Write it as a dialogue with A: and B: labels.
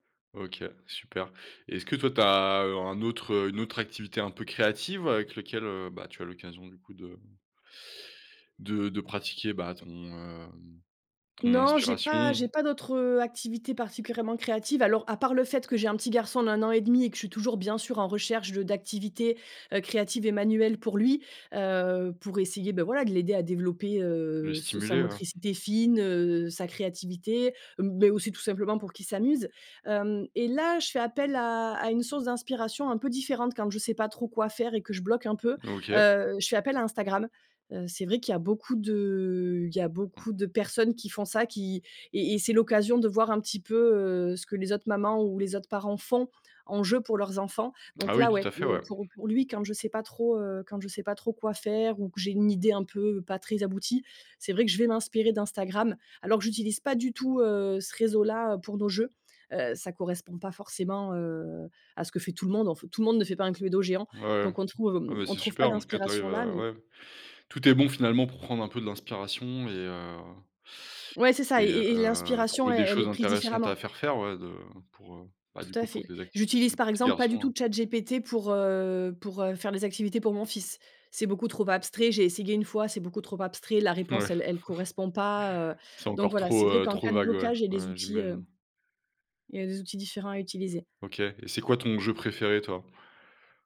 A: OK, super. Est-ce que toi, tu as, heu, un autre, heu une autre activité un peu créative avec lequel, heu, bah, tu as l'occasion, du coup, de de de pratiquer, bah, ton, hem, ton
B: Non, j'ai pas
A: inspiration?
B: j'ai pas d'autres, heu, activités particulièrement créatives, alors, à part le fait que j'ai un petit garçon d'1 an et demi et que je suis toujours, bien sûr, en recherche de d'activités, heu, créatives et manuelles pour lui, heu, pour essayer, ben, voila, de l'aider à développer,
A: Le
B: heu, se sa
A: stimuler, ouais.
B: motricité fine, heu, sa créativité, heu, mais aussi, tout simplement, pour qu'il s'amuse, hem, et là, je fais appel à à une source d'inspiration un peu différente quand je sais pas trop quoi faire et que je bloque un peu,
A: OK.
B: heu, je fais appel à Instagram, heu, c'est vrai qu'il y a beaucoup de il y a
A: Mmh.
B: beaucoup de personnes qui font ça qui et et c'est l'occasion de voir un petit peu, heu, ce que les autres mamans ou les autres parents font en jeu pour leurs enfants, donc
A: Ah oui,
B: là,
A: tout
B: ouais,
A: à fait,
B: heu,
A: ouais.
B: pour pour lui, quand je sais pas trop, heu quand je sais pas trop quoi faire ou que j'ai une idée un peu pas très aboutie, c'est vrai que je vais m'inspirer d'Instagram, alors que j'utilise pas du tout, heu, ce réseau-là pour nos jeux, heu, ça ne correspond pas forcément, heu, à ce que fait tout le monde en f tout le monde ne fait pas un Cluedo géant,
A: Ouais, ouais,
B: donc on ne trouve
A: ah bah,
B: on
A: c'est
B: trouve pas
A: super, en tout cas, tu
B: d'inspiration
A: arrives
B: là,
A: à
B: mais
A: ouais, tout est bon finalement pour prendre un peu de l'inspiration, et heu
B: ouais, c'est ça et
A: et
B: et et
A: heu,
B: l'inspiration,
A: trouver des
B: elle elle est
A: choses
B: prise
A: intéressantes à
B: différemment.
A: faire faire, ouais de pour, heu, bah, du
B: Tout à
A: coup, pour
B: fait.
A: tes activités de
B: J'utilise,
A: ton
B: par
A: petit
B: exemple, pas du
A: garçon, heu.
B: tout ChatGPT pour, heu pour, heu, faire les activités pour mon fils. C'est beaucoup trop abstrait, j'ai essayé 1 fois, c'est beaucoup trop abstrait, la
A: Ouais.
B: réponse elle elle correspond pas, heu,
A: C'est
B: donc
A: encore
B: voilà, c'est
A: trop,
B: vrai
A: heu
B: qu'en cas
A: trop
B: de
A: vague ouais,
B: blocage, j'ai
A: ouais,
B: des
A: ouais,
B: outils, heu
A: j'imagine.
B: il y a des outils différents à utiliser.
A: OK, et c'est quoi ton jeu préféré, toi?